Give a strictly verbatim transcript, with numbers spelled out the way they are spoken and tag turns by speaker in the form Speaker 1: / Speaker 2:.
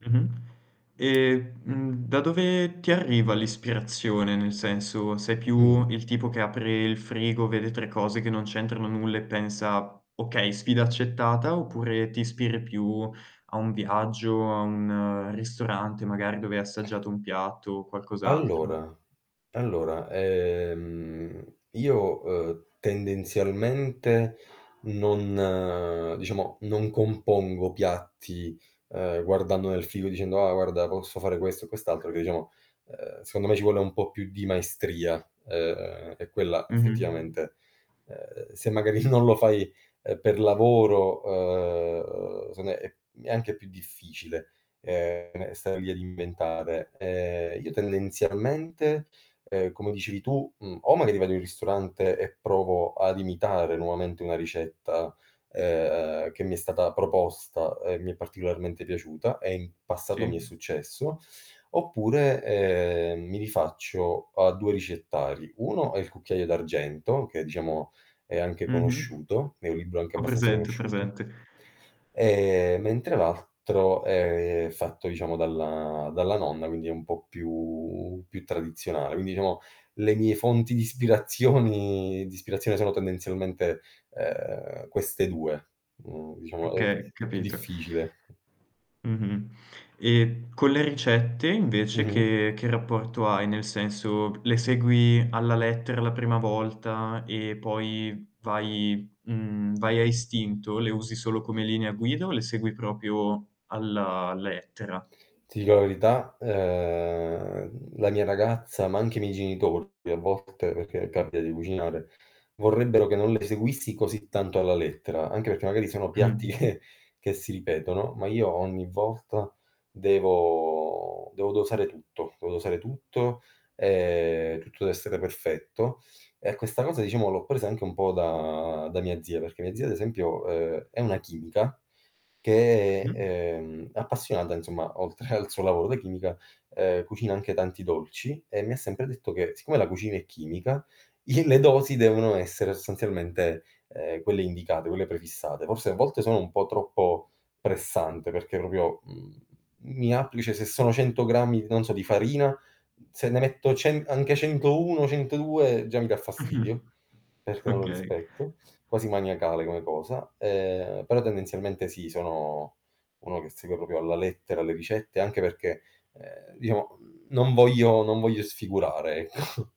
Speaker 1: Mh-mh. E, mhmm, da dove ti arriva l'ispirazione? Nel senso, sei
Speaker 2: Mh.
Speaker 1: più il tipo che apre il frigo, vede tre cose che non c'entrano nulla e pensa: "Okay. Sfida accettata," oppure ti ispiri più a un viaggio, a un ristorante, magari, dove hai assaggiato un piatto o qualcos'altro?
Speaker 2: Allora allora, ehm, io, ehm, tendenzialmente non diciamo, non compongo piatti, uhm, guardando nel il frigo dicendo: "Ah, guarda posso fare questo e quest'altro," che diciamo, uhm, secondo me ci vuole un po' più di maestria, uhm, e quella
Speaker 1: Mh-mh.
Speaker 2: effettivamente, uhm, se magari non lo fai per lavoro, uhm, secondo me, è anche più difficile, ehm, stare lì ad inventare. Ehm, io tendenzialmente, uhm, come dicevi tu, mhmm, o magari vado in ristorante, e provo ad imitare nuovamente una ricetta, ehm, che mi è stata proposta e mi è particolarmente piaciuta, e in passato mi è
Speaker 1: Sì.
Speaker 2: successo, oppure, ehm, mi rifaccio a due ricettari: uno è Il Cucchiaio D'argento, che diciamo è anche
Speaker 1: Mh-mh.
Speaker 2: conosciuto è un libro anche
Speaker 1: Ho
Speaker 2: abbastanza
Speaker 1: presente, ho
Speaker 2: conosciuto,
Speaker 1: presente.
Speaker 2: ehm, mentre l'altro è fatto diciamo dalla dalla nonna, quindi è un po' più più tradizionale. Quindi, diciamo le mie fonti di ispirazioni di ispirazione sono tendenzialmente, uhm, queste due. Mhmm, diciamo è
Speaker 1: Okay,
Speaker 2: è più
Speaker 1: capito.
Speaker 2: difficile.
Speaker 1: Mh-mh. E con le ricette, invece
Speaker 2: Mh-mh.
Speaker 1: che che rapporto hai? Nel senso: le segui alla lettera la prima volta e poi vai mhmm, vai a istinto? Le usi solo come linea guida o le segui propio alla lettera?
Speaker 2: Ti dico la verità? Ehm, la mia ragazza, ma anche i miei genitori a volte, perché capita di cucinare, vorrebbero che non le seguissi così tanto alla lettera, anche perché, magari sono piatti
Speaker 1: Mh.
Speaker 2: che che si ripetono, ma io ogni volta devo devo dosare tutto, devo dosare tutto, ehm, tutto deve essere perfetto. E questa cosa, diciamo, l'ho presa anche un po' da da mia zia perché mia zia, ad esempio, uhm, è una chimica che
Speaker 1: Mh.
Speaker 2: è, ehm, appassionata insomma oltre al suo lavoro da chimica, ehm, cucina anche tanti dolci e mi sempre detto che siccome la cucina è chimica, i le dosi devono essere sostanzialmente, ehm, quelle indicate, quelle prefissate. Forse a volte sono un po' troppo pressante, perché propio, mhmm, mi appli ceh se sono cento grammi non so, di farina, se ne metto cen anche centouno centodue già mi dà fastidio, perché non lo
Speaker 1: Okay.
Speaker 2: rispetto, quasi maniacale come cosa. Ehm, però tendenzialmente sì, sono uno che segue propio alla lettera le ricette anche perché, ehm, diciamo non voglio non voglio sfigurare, ecco.